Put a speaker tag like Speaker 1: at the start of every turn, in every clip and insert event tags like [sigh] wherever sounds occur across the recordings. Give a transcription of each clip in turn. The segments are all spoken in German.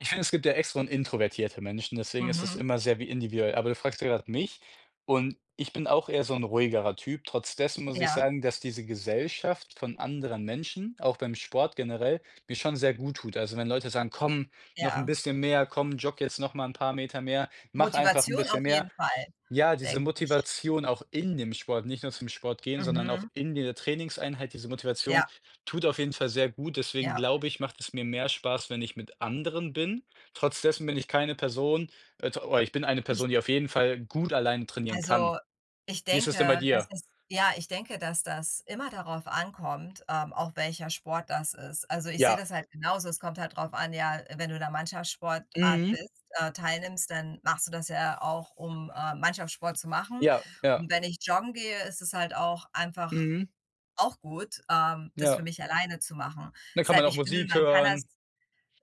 Speaker 1: Ich finde, es gibt ja extro und introvertierte Menschen, deswegen ist es
Speaker 2: Mhm.
Speaker 1: immer sehr wi individuell, aber du fragst ja grad mich und ich bin auch eher so 'n ruhigerer Typ. Trotz dessen muss ich
Speaker 2: Ja.
Speaker 1: sagen, dass diese Gesellschaft von anderen Menschen, auch beim Sport generell, mir schon sehr gut tut. Also, wenn Leute sagen: „Komm, noch 'n
Speaker 2: Ja.
Speaker 1: bisschen mehr, komm, jogge jetzt noch mal 'n paar Meter mehr, mache einfach 'n
Speaker 2: Motivation auf
Speaker 1: bisschen mehr."
Speaker 2: jeden Fall,
Speaker 1: Ja, diese
Speaker 2: denke ich.
Speaker 1: Motivation, auch in dem Sport nicht nur zum Sport gehen, sondern auch
Speaker 2: Mhm.
Speaker 1: in dieser Trainingseinheit, diese Motivation
Speaker 2: Ja.
Speaker 1: tut auf jeden Fall sehr gut. Deswegen
Speaker 2: Ja.
Speaker 1: glaube ich, macht es mir mehr Spaß, wenn ich mit anderen bin. Trotz dessen bin ich keine Person äh, t oder ich bin eine
Speaker 2: Ich
Speaker 1: Person, die auf jeden Fall gut alleine trainieren kann.
Speaker 2: also, ich
Speaker 1: Wie ist das denn bei
Speaker 2: denke, das
Speaker 1: dir?
Speaker 2: ist ja, ich denke, dass das immer darauf ankommt, ähm, auch welcher Sport das ist. Also, ich sehe
Speaker 1: Ja.
Speaker 2: das halt genauso, es kommt halt drauf an, ja, wenn du in 'ner Mannschaftssportart
Speaker 1: Mhm.
Speaker 2: bist äh, teilnimmst, dann machst du das ja auch, um, äh, Mannschaftssport zu machen,
Speaker 1: Ja, ja.
Speaker 2: und wenn ich joggen gehe, ist es halt auch einfach
Speaker 1: Mhm.
Speaker 2: auch gut, ähm, das für
Speaker 1: Ja.
Speaker 2: mich alleine zu machen.
Speaker 1: Dann kann man
Speaker 2: Deshalb,
Speaker 1: auch
Speaker 2: ich finde,
Speaker 1: Musik
Speaker 2: man kann das
Speaker 1: hören.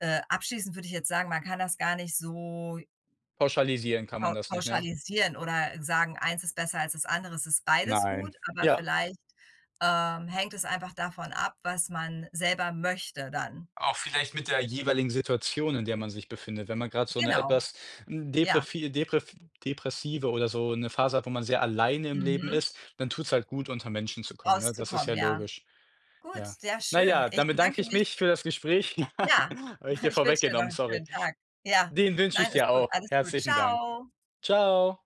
Speaker 2: äh, abschließend würde ich jetzt sagen, man kann das gar nicht so
Speaker 1: Pauschalisieren kann
Speaker 2: pau
Speaker 1: man das nicht, ne?
Speaker 2: pauschalisieren oder sagen: „Eins ist besser als das andere.“ Es ist beides gut,
Speaker 1: Nein.
Speaker 2: aber
Speaker 1: Ja.
Speaker 2: vielleicht, ähm, hängt es einfach davon ab, was man selber möchte dann.
Speaker 1: Auch vielleicht mit der jeweiligen Situation, in der man sich befindet. Wenn man grad so 'ne
Speaker 2: Genau,
Speaker 1: etwas
Speaker 2: ja.
Speaker 1: deprevi deprv depressive oder so 'ne Phase hat, wo man sehr alleine im Leben
Speaker 2: Mhm.
Speaker 1: ist, dann tut's halt gut, unter Menschen zu kommen, ne? Das ist
Speaker 2: Rauszukommen,
Speaker 1: ja
Speaker 2: ja.
Speaker 1: logisch.
Speaker 2: Gut,
Speaker 1: Ja.
Speaker 2: sehr
Speaker 1: Na
Speaker 2: schön.
Speaker 1: ja,
Speaker 2: Ich
Speaker 1: dann bedanke
Speaker 2: bedanke
Speaker 1: ich
Speaker 2: mich.
Speaker 1: mich für das Gespräch.
Speaker 2: Ja,
Speaker 1: [chuckles] Habe ich
Speaker 2: [snorts]
Speaker 1: dir
Speaker 2: ich wünsche dir noch
Speaker 1: vorweggenommen,
Speaker 2: 'n
Speaker 1: sorry.
Speaker 2: schönen Tag, ja.
Speaker 1: Den wünsche ich
Speaker 2: Nein,
Speaker 1: dir
Speaker 2: ist gut,
Speaker 1: auch.
Speaker 2: alles gut.
Speaker 1: Herzlichen Dank.
Speaker 2: Ciao.
Speaker 1: Ciao.